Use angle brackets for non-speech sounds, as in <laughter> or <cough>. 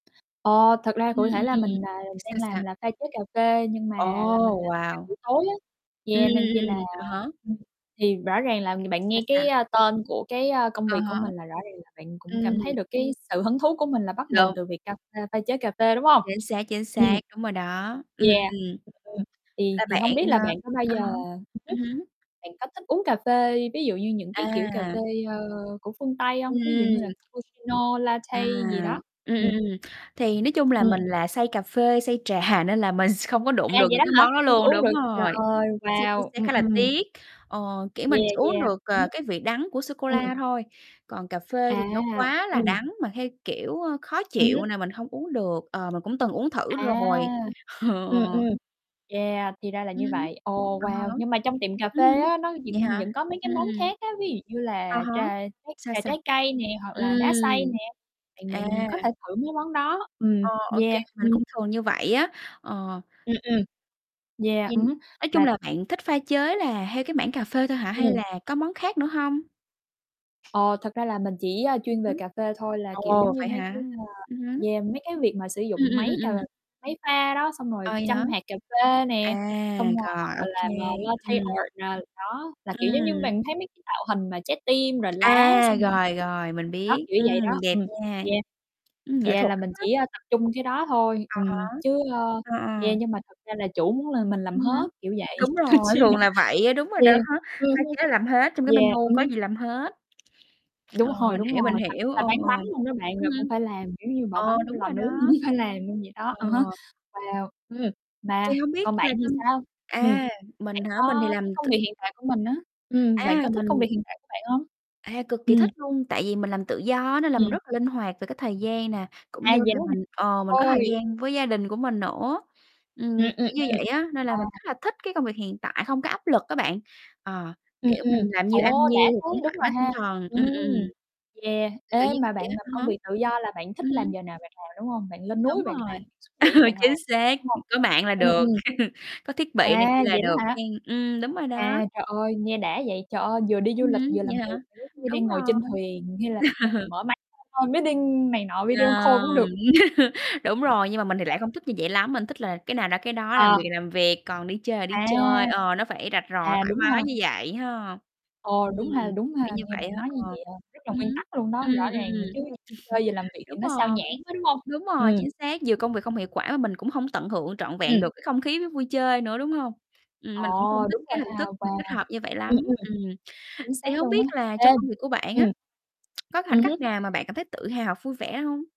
Ờ, thật ra Ừm, cụ thể là ừm, ừm. mình, à, đang Sao, sao? làm là pha chế cà phê nhưng Ồ, mà là mình làm ca wow. buổi tối á, Ừm, yeah, nên ừm, chi ừm, là ừm, à há. <unintelligible> thì rõ ràng là ng bạn Sao, nghe cái, sao? a, tên của cái, ơ, công À việc của há. mình là rõ ràng là bạn cũng Ừm. cảm thấy được cái sự hứng thú của mình là bắt nguồn Đúng. từ việc ca pha pha chế cà phê, đúng hông? Chính xác, chính Ừm. xác, đúng rồi đó, ừm, Yeah, ừm. <unintelligible> ừm, thì Là thì bạn, hông biết ờ là bạn có bao à giờ há, ừm ừm hứm, hứm. bạn có thích uống cà phê ví dụ như, những cái kiểu, cà À. phê, ơ, của phương Tây hông? Ví dụ như là Ừm. cappuccino, À, latte gì đó? ừm, ừm, Ừm. ừm, thì nói chung là Ừm. mình là say cà phê, say trà nên là mình s không có đụng À, được vậy những đó cái hả? món đó Hông có luôn, uống đúng được, trời rồi, ơi, chính xác, chính wow, xác, ừm, khá là ừm. tiếc. Ờ, kiểu, mình Yeah, chỉ uống yeah. được, Ừm à, hứm. cái vị đắng của Ừm. sô-cô-la thôi, còn cà phê thì À, nó quá là ừm. đắng mà theo, kiểu, ơ, khó Ừm hứm. chịu nè, mình hông uống được, ờ, mà cũng từng uống thử À! rồi. Ờ. Ừm, ừm. Yeah, thì ra là như Ừm, vậy. Ồ, à wow, há. nhưng mà trong tiệm cà Ưm phê hứm, á, nó vậy vẫn hả? vẫn có mấy cái Ừm, món ừm. khác á, ví dụ như À là há, trà trái sao, trà sao? trái cây nè, hoặc Ừm. là đá xay nè, thì À. mình có thể thử mấy món đó, ừm, Ờ, OK, yeah. mình Ừm. cũng thường như vậy á, ờ. Ừm, ừm. Yeah, Thì ừm hứm, nói chung là là bạn thích pha chế là theo cái mảng cà phê thôi hả? Hay Ừm. là có món khác nữa hông? Ờ, thật ra là mình chỉ, a, Ừm chuyên về hứm. cà phê thôi là, kiểu, giống Ồ, như, vậy mấy cái, hả? a, Ừm hứm. yeah, mấy cái việc mà sử Ừm, dụng ừm, máy cà ừm, ừm. máy pha đó, xong rồi À, vậy hả? châm hạt cà phê À, nè, xong rồi hoặc rồi, là OK, làm, à, latte ừm. art nè, đó, là, kiểu, giống như, Ừm. mình thấy mấy cái tạo hình mà trái tim, rồi lá, À, xong rồi rồi, <unintelligible> rồi, mình đó, biết, kiểu vậy ừm, đó, đẹp ừm, nha. yeah. Ừm, nghệ Yeah, thuật là mình <unintelligible> chỉ, ơ, tập trung cái đó thôi, À ừm, há. chứ ơ, Ờ, ờ. yeah, nhưng mà thật ra là chủ muốn là mình làm Ừm hết, hứm. kiểu vậy Đúng nên rồi, chi thường là là vậy á, đúng rồi đó, yeah, ừm pha hứm. chế làm hết trong cái Yeah, menu ừm có hứm. gì làm hết. Đúng Ờ, hồi, mình đúng hiểu, mình rồi, thậm chí hiểu, là ờ, bán ờ. bánh luôn đó bạn Ưm là cũng hưm. phải làm, kiểu như bỏ Ờ, bánh vô đúng lò rồi nướng cũng đó. phải làm luôn vậy Ờ. đó, à há, wow, ừm, mà Thì hông biết còn bạn là thì trong sao? Ừm, à, bạn mình hả? Mình thì có cái làm t công việc hiện tại của mình á, ừm, bạn có A, thích công mình việc hiện tại của bạn hông? À, cực kỳ Ừm. thích luôn, tại vì mình làm tự do á, nên là mình Ừm. rất là linh hoạt về cái thời gian nè, cũng như À, vậy là đó hả? <unintelligible> mình ờ, mình có thời Ôi. gian với gia đình của mình nữa. Ừm, Ừm, ừm, kiểu như ừm. vậy á, nên là mình Wow. khá là thích cái công việc hiện tại, không có áp lực á bạn, ờ, Ừm, kiểu, ừm, mình làm nhiêu ăn ô, đã nhiêu, thế, cũng đúng thoải rồi mái tinh ha, thần, ừm, ừm, ừm. yeah. Kiểu, kiểu Ê, như mà vậy bạn á, làm à há. công việc tự do là bạn thích Ừm làm hứm. giờ nào bạn làm, đúng hông? Bạn lên núi Đúng bạn rồi, làm, xuống biển bạn <laughs> chính làm, xác, đúng hông? có mạng là Ừm, được, ừm. <laughs> có thiết bị này kia Wow, là vậy đó được hả? hén, ừm, đúng rồi đó. À, trời ơi, nghe đã vậy, trời ơi, vừa đi du Ừm lịch hứm, vừa làm vậy việc, hả? kiểu giống như, Đúng đang ngồi rồi. trên thuyền hay là <laughs> mở máy <unintelligible> call meeting này nọ, video call cũng được Rồi, hết bạn. <laughs> đúng rồi, nhưng mà mình thì Trời lại không ơi. thích như vậy lắm, mình thích là cái nào ra cái đó, làm Ờ. việc là làm việc, còn đi chơi là đi chơi, À. ờ, nó phải rạch À, ròi, thoải đúng ha. mái như vậy ha. Ồ, Ừm, đúng ha, đúng kiểu, ha, kiểu như nghe vậy bạn á, nói như ờ, vậy, à, rất là ừm hứm, nguyên tắc luôn đó, rõ ừm, ừm, ừm, ràng nữa ừm. chứ, chơi vừa làm <chuckles> việc thì Đúng nó xao rồi, nhãng quá, đúng hông? đúng rồi, Ừm. chính xác, nhiều công việc không hiệu quả mà mình cũng hông tận hưởng trọn vẹn Ừm. được cái không khí v vui chơi nữa, đúng hông? Ừm, Ờ, mình cũng không thích đúng cái rồi hình ha, thức mà wow. kết hợp như vậy Ừm, lắm, ừm. ừm. Chính Thì xác hông luôn á, biết là ê trong công việc của bạn á, ừm. <clicks tongue> có khoảnh Ừm khắc hứm. nào mà bạn cảm thấy tự hào, vui vẻ hông?